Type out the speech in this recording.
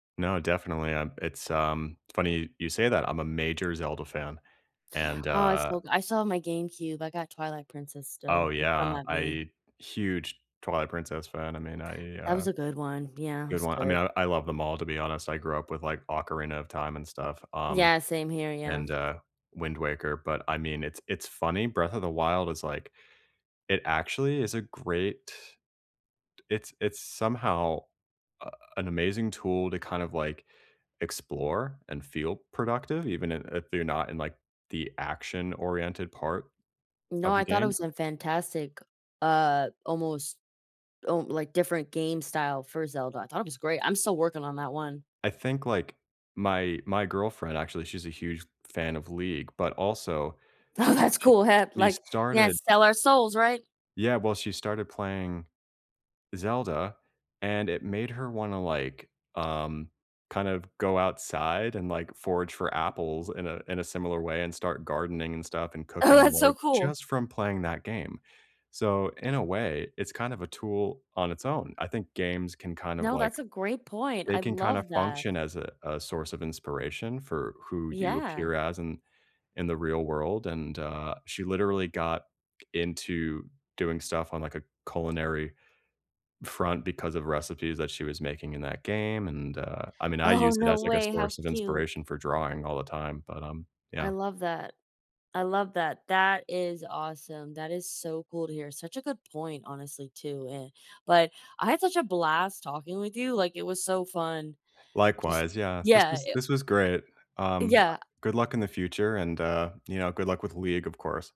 No, definitely, um, it's um, funny you say that, I'm a major Zelda fan, and, Oh, I uh still go I still have my GameCube, I got Twilight Princess Oh, still, don't come yeah, at me. I huge Twilight Princess fan, I mean, I That uh, was a a good one, yeah, it good was one I mean, good. I I love them all, to be honest, I grew up with, like, Ocarina of Time and stuff, um, Yeah, same here, yeah. and, uh, Wind Waker, but, I mean, it's it's funny Breath of the Wild is, like it actually is a great it's it's somehow, uh, an amazing tool to kind of, like, explore and feel productive even i if you're not in, like, the action-oriented part No, of the I thought it game? was a fantastic, uh, almost, um like, different game style for Zelda I thought it was great, I'm still working on that one. I think, like, my my girlfriend, actually, she's a huge fan of League, but also Oh, that's she cool, she like, yeah, started sell our souls, right? Yeah, well, she started playing Zelda, and it made her wanna, like, um, kind of go outside and, like, forage for apples in a in a similar way and start gardening and stuff and Oh, cooking that's so more, cool. just from playing that game, so, in a way, it's kind of a tool on its own; I think games can kind of, No, like that's a great point, they I can kinda love that. function as a a source of inspiration for who you Yeah. appear as in in the real world, and, uh, she literally got into doing stuff on, like, a culinary front because of recipes that she was making in that game, and, uh I mean, I Oh, use it no as, like, a way, how source of cute. inspiration for drawing all the time, but, um, I yeah. love that. I love that, that is awesome, that is so cool to hear such a good point, honestly, too, eh, but I had such a blast talking with you, like, it was so fun. Just Likewise, yeah. This Yeah, was i this was great, um, Yeah, ac good luck in the future, and, uh, you know, good luck with League, of course.